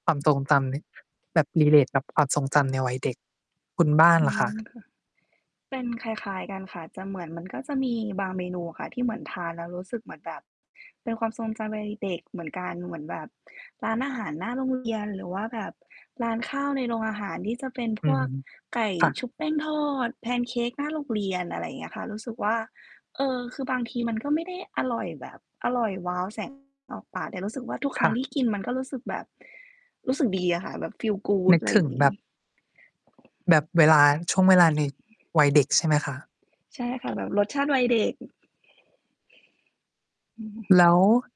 ความทรงจำนี้แบบ relate กับความทรงจำในวัยเด็ก คุณบ้านอืล่ะคะ? ม ค่ะ เป็นคล้าย ๆ กันค่ะ จะเหมือนมัน ก็จะมีบางเมนูอะค่ะ ที่เหมือนทานแล้วรู้สึกเหมือนแบบ เป็นความทรงใจอะไรเด็ก ๆ เหมือนกัน เหมือนแบบ ร้านอาหารหน้าโรง เรียน หรือว่าแบบร้านข้าวในโรงอาหารที่จะ เป็นอพืวม กไก่ค่ชุะ บแป้งทอด แพนเค้กหน้าโรงเรียน อะไรอย่างเงี้ยค่ะ รู้สึกว่า เอ่อ คือบางทีมันก็ไม่ได้อร่อยแบบ อร่อยว้าว แสง ออกปาก แต่รู้สึกว่าทุกคครั้่ง ทะ ี่กินมันก็รู้สึกแบบ รู้สึกดีอะค่ะ แบบ feel นgood ึกอะ ไรถอยึ่างง งแบี้ บ แบบเวลา ช่วงเวลาในวัยเด็กใช่ไหมคะ? ใช่ค่ะ แบบรสชาติวัยเด็ก อือ แล้ว